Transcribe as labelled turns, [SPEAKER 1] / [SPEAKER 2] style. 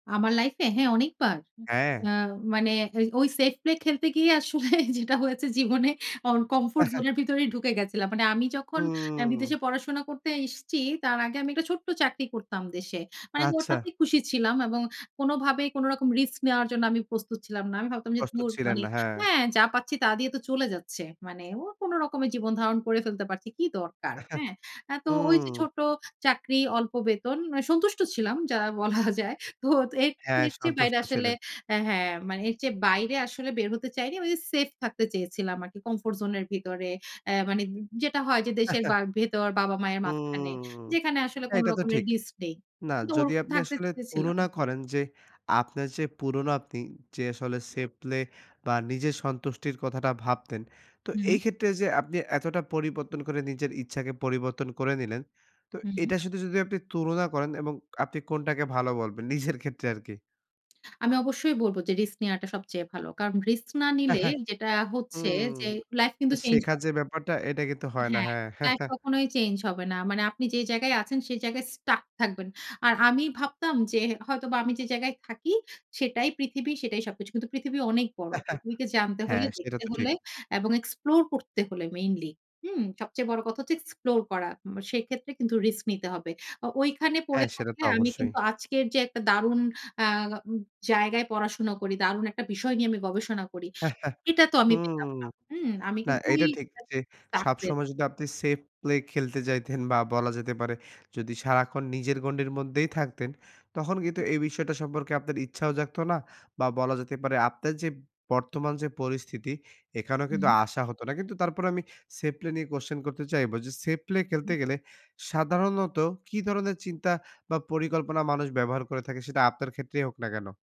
[SPEAKER 1] আমার লাইফে? হ্যাঁ, অনেকবার। উ
[SPEAKER 2] হ্যাঁ।
[SPEAKER 1] আ মানে এ ওই safe play খেলতে গিয়ে আসলে যেটা হয়েছে জীবনে অন comfort zone এর ভিতরেই ঢুকে গেছিলাম। মানে আমি যখন অ্যা
[SPEAKER 2] হুম!
[SPEAKER 1] বিদেশে পড়াশোনা করতে এসছি, তার আগে আমি একটা ছোট্ট চাকরি করতাম দেশে। মানে আমি
[SPEAKER 2] আচ্ছা।
[SPEAKER 1] ওটাতে খুশি ছিলাম এবং কোনোভাবেই কোনো রকম রিস্ক নেওয়ার জন্য আমি প্রস্তুত ছিলাম না। আমি ভাবতাম যে,
[SPEAKER 2] প্রস্তুত
[SPEAKER 1] "ধুর,
[SPEAKER 2] ছিলেন
[SPEAKER 1] মানে
[SPEAKER 2] না, হ্যাঁ।
[SPEAKER 1] হ্যাঁ, যা পাচ্ছি তা দিয়ে তো চলে যাচ্ছে। মানে ও কোন রকমে জীবন ধারণ করে ফেলতে পারছি, কী দরকার!" হ্যাঁ? এ তো ওইযে
[SPEAKER 2] হুম।
[SPEAKER 1] ছোট চাকরি, অল্প বেতন, মানে সন্তুষ্ট ছিলাম যা বলা
[SPEAKER 2] আ
[SPEAKER 1] যায়। তো এর
[SPEAKER 2] হ্যাঁ,
[SPEAKER 1] এর চেয়ে বাইরে
[SPEAKER 2] সন্তুষ্ট
[SPEAKER 1] আসলে
[SPEAKER 2] ছিলেন।
[SPEAKER 1] অ্যা হ্যাঁ, মানে এর চেয়ে বাইরে আসলে বের হতে চাইনি। ঐযে সেফ থাকতে চেয়েছিলাম আরকি comfort zone এর ভিতরে। অ্যা মানে উম যেটা হয় যে দেশের বা ভেতর বাবা-মায়ের মাঝখানে,
[SPEAKER 2] হুম!
[SPEAKER 1] যেখানে আসলে কোন
[SPEAKER 2] এইটা তো
[SPEAKER 1] রকমের
[SPEAKER 2] ঠিক।
[SPEAKER 1] রিস্ক নেই।
[SPEAKER 2] না,
[SPEAKER 1] কিন্তু
[SPEAKER 2] যদি
[SPEAKER 1] ওরকম
[SPEAKER 2] আপনি
[SPEAKER 1] থাকতে
[SPEAKER 2] আসলে
[SPEAKER 1] চেয়েছিলাম।
[SPEAKER 2] তুলনা করেন যে, আপনার যে পুরোনো আপনি যে আসলে safe play বা, নিজের সন্তুষ্টির কথাটা ভাবতেন, তো
[SPEAKER 1] হু।
[SPEAKER 2] এইক্ষেত্রে যে আপনি এতটা পরিবর্তন করে নিজের ইচ্ছাকে পরিবর্তন করে নিলেন, তো
[SPEAKER 1] হু।
[SPEAKER 2] এটা শুধু যদি আপনি তুলনা করেন এবং আপনি কোনটাকে ভালো বলবেন? নিজের ক্ষেত্রে আরকি।
[SPEAKER 1] আমি অবশ্যই বলবো যে, "রিস্ক নেওয়াটা সবচেয়ে ভালো।" কারণ, রিস্ক না নিলে যেটা হচ্ছে
[SPEAKER 2] হুম।
[SPEAKER 1] যে লাইফ কিন্তু
[SPEAKER 2] মানে
[SPEAKER 1] চেঞ্জ
[SPEAKER 2] শেখার
[SPEAKER 1] হবে
[SPEAKER 2] যে
[SPEAKER 1] না।
[SPEAKER 2] ব্যাপারটা, এটা কিন্তু হয় না,
[SPEAKER 1] হ্যাঁ,
[SPEAKER 2] হ্যাঁ।
[SPEAKER 1] লাইফ কখনোই চেঞ্জ হবে না। মানে আপনি যে জায়গায় আছেন সেই জায়গায় stuck থাকবেন। আর আমি ভাবতাম যে হে হয়তোবা আমি যে জায়গায় থাকি, সেটাই পৃথিবী, সেটাই সবকিছু। কিন্তু পৃথিবী অনেক বড়। পৃথিবীকে জানতে হলে,
[SPEAKER 2] হ্যাঁ, সেটা
[SPEAKER 1] দেখতে
[SPEAKER 2] তো
[SPEAKER 1] হলে
[SPEAKER 2] ঠিক।
[SPEAKER 1] এবং explore করতে হলে মেইনলি, হুম? সবচেয়ে বড় কথা হচ্ছে explore করা, উম সেইক্ষেত্রে কিন্তু রিস্ক নিতে হবে। ও ঐখানে পড়ে
[SPEAKER 2] হ্যাঁ, সেটা
[SPEAKER 1] থাকলে
[SPEAKER 2] তো
[SPEAKER 1] আমি
[SPEAKER 2] অবশ্যই।
[SPEAKER 1] কিন্তু আজকের যে একটা দারুন আ উম জায়গায় পড়াশোনা করি, দারুণ একটা বিষয় নিয়ে আমি গবেষণা করি, এটা তো আমি পেতাম
[SPEAKER 2] হুম,
[SPEAKER 1] না, হুম? আমি
[SPEAKER 2] না
[SPEAKER 1] কিন্তু ওই
[SPEAKER 2] এইটা ঠিক
[SPEAKER 1] [unintelligible]
[SPEAKER 2] যে
[SPEAKER 1] stuck হয়ে
[SPEAKER 2] সবসময়
[SPEAKER 1] থা
[SPEAKER 2] যদি আপনি safe play খেলতে যাইতেন বা, বলা যেতে পারে যদি সারাক্ষণ নিজের গণ্ডির মধ্যেই থাকতেন, তখন কিন্তু
[SPEAKER 1] হু।
[SPEAKER 2] এই বিষয়টা সম্পর্কে আপনার ইচ্ছাও জাগতো না বা, বলা যেতে পারে আপনার যে বর্তমান যে পরিস্থিতি, এখানেও কিন্তু
[SPEAKER 1] হুম।
[SPEAKER 2] আসা হতো না। কিন্তু তারপরে আমি safe play নিয়ে question করতে চাইব যে safe play
[SPEAKER 1] উ
[SPEAKER 2] খেলতে
[SPEAKER 1] হুম।
[SPEAKER 2] গেলে সাধারণত কি ধরনের চিন্তা বা, পরিকল্পনা মানুষ ব্যবহার করে থাকে? সেটা আপনার ক্ষেত্রেই হোক না কেন?